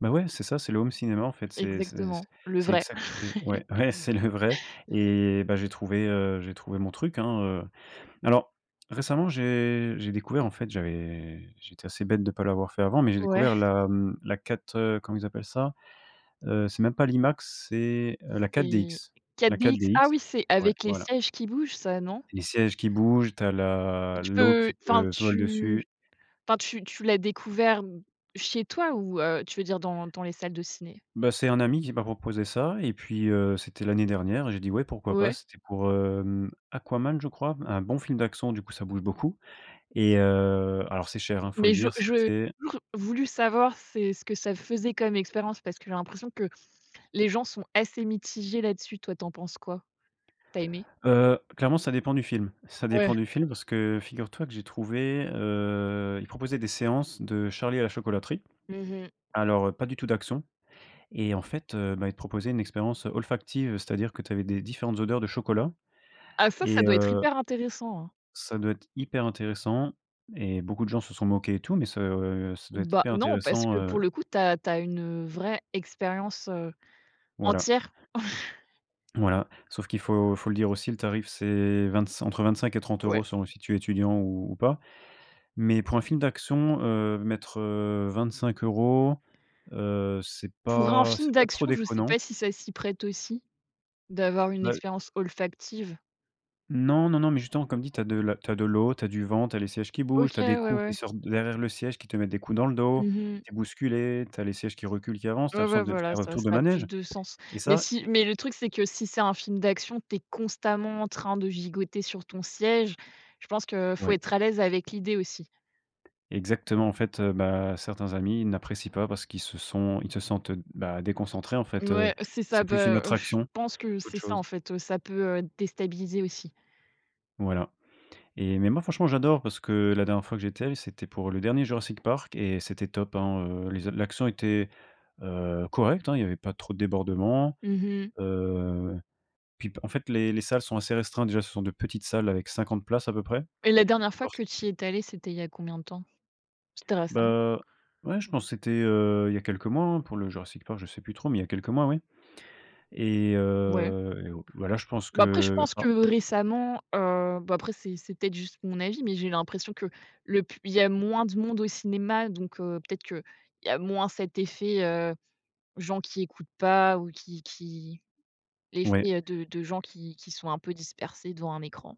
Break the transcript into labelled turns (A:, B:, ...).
A: Beh, ouais, c'est ça, c'est le home cinéma en fait. C'est c'est c
B: Exactement, le
A: c'est
B: vrai.
A: exact et ouais, ouais c'est le vrai et, bah, j'ai trouvé, heu, j'ai trouvé mon truc, hein, heu, alors récemment j'ai j'ai découvert en fait j'avais j'ai été assez bête de pas l'avoir fait avant mais j'ai
B: Ouais.
A: découvert la mmh la 4 heu, comment ils appellent ça? Heu, c'est même pas l'Imax c'est, heu, la
B: Et
A: 4DX la
B: 4DX?
A: 4DX,
B: Ah oui, c'est
A: ouais,
B: avec les
A: voilà.
B: sièges qui bougent ça, non?
A: Les sièges qui bougent, tu as
B: Et
A: la
B: tu
A: l'eau
B: peux
A: qui
B: enfin
A: te vole
B: tu
A: dessus.
B: enfin tu tu l'as découvert d chez toi ou, heu, tu veux dire dans dans les salles de ciné?
A: Bah, c'est un ami qui m'a proposé ça et puis, heu, c'était l'année dernière, j'ai dit, «Ouais pourquoi pas»
B: Ouais.
A: c'était pour hem, Aquaman je crois. Un bon film d'action du coup ça bouge beaucoup et heu, alors c'est cher hein, il faut le
B: Mais je
A: dire
B: j'ai
A: c'était
B: toujours voulu savoir, c'est ce que ça faisait comme expérience, parce que j'ai l'impression que les gens sont assez mitigés là-dessus. Toi tu en penses quoi? Tu as aimé?
A: Heu, clairement ça dépend du film. Ça
B: Ouais.
A: dépend du film parce que figure toi que j'ai trouvé, heu ils proposaient des séances de Charlie et la chocolaterie.
B: Mmh mh.
A: Alors heu, pas du tout d'action et en fait, heu, bah, ils te proposaient une expérience, heu, olfactive. C'est-à-dire que tu avais des différentes odeurs de chocolat,
B: Ah ça, ça
A: et
B: doit être
A: heu
B: hyper intéressant, hein!
A: ça doit être hyper intéressant et beaucoup de gens se sont moqués et tout, mais ça, heu, ça doit être
B: Bah
A: hyper
B: non, parce
A: intéressant,
B: que
A: heu
B: pour le coup tu as tu as une, heu, vraie expérience, heu,
A: Voilà.
B: entière.
A: Voilà, sauf qu'il faut faut le dire aussi le tarif c'est vingt-cin entre 25 et trente
B: Ouais.
A: euros selon si tu es étudiant ou ou pas. Mais pour un film d'action, heu, mettre, heu, 25€ heu, c'est
B: Pour un
A: pas
B: film
A: c'est pas trop
B: d'action, je sais
A: déconnant.
B: pas si ça s'y prête aussi d'avoir une
A: Bah
B: expérience olfactive?
A: Non, non non, mais justement comme dit, tu as de la tu as de l'eau, tu as du vent, tu as les sièges qui bougent,
B: OK,
A: tu as des
B: ouais,
A: coups qui
B: ouais.
A: sortent de derrière le siège qui te mettent des coups dans le dos.
B: Mmh mh.
A: Tu es bousculé, tu as les sièges qui reculent, qui avancent, tu as
B: Ouais, ouais
A: l'impression de
B: voilà,
A: faire un
B: ça,
A: tour
B: ça
A: de
B: a plus
A: manège,
B: de sens.
A: et
B: Mais
A: ça
B: si
A: et
B: mais le truc c'est que si c'est un film d'action tu es constamment en train de gigoter sur ton siège, je pense que faut
A: Ouais.
B: être à l'aise avec l'idée aussi.
A: Exactement, en fait, heu, bah, certains amis n'apprécient pas parce qu'ils se sont ils se sentent, heu, bah, déconcentrés en fait, heu,
B: Ouais, c'est ça,
A: c'est plus une
B: bah, heu, je
A: attraction
B: pense que
A: qu'autre
B: c'est ça, en
A: chose.
B: fait, heu, ça peut, heu, déstabiliser aussi.
A: Voilà et mais, moi franchement j'adore, parce que la dernière fois que j'étais allé c'était pour le dernier Jurassic Park et c'était top hein, heu, les a l'action était, heu, correcte hein. Il y avait pas trop de débordements,
B: Mmh mh.
A: heu, puis bah, en fait les les salles sont assez restreintes. Déjà ce sont de petites salles avec 50 places à peu près.
B: Et la dernière fois
A: Lors
B: que tu y es allé, c'était il y a combien de temps? C'était
A: Bah,
B: récemment?
A: heu, ouais je pense c'était, heu, il y a quelques mois, hein, pour le Jurassic Park. Je sais plus trop, mais il y a quelques mois, oui et
B: Ouais.
A: heu et heu, voilà je pense
B: Bah après je
A: que
B: pense que
A: alors
B: récemment, heu bah après c'est c'est peut-être juste mon avis, mais j'ai l'impression que le plus il y a moins de monde au cinéma donc heu, peut-être qu'il y a moins cet effet, heu, gens qui écoutent pas ou qui qui
A: Ouais.
B: l'effet, heu, de de gens qui qui sont un peu dispersés devant un écran?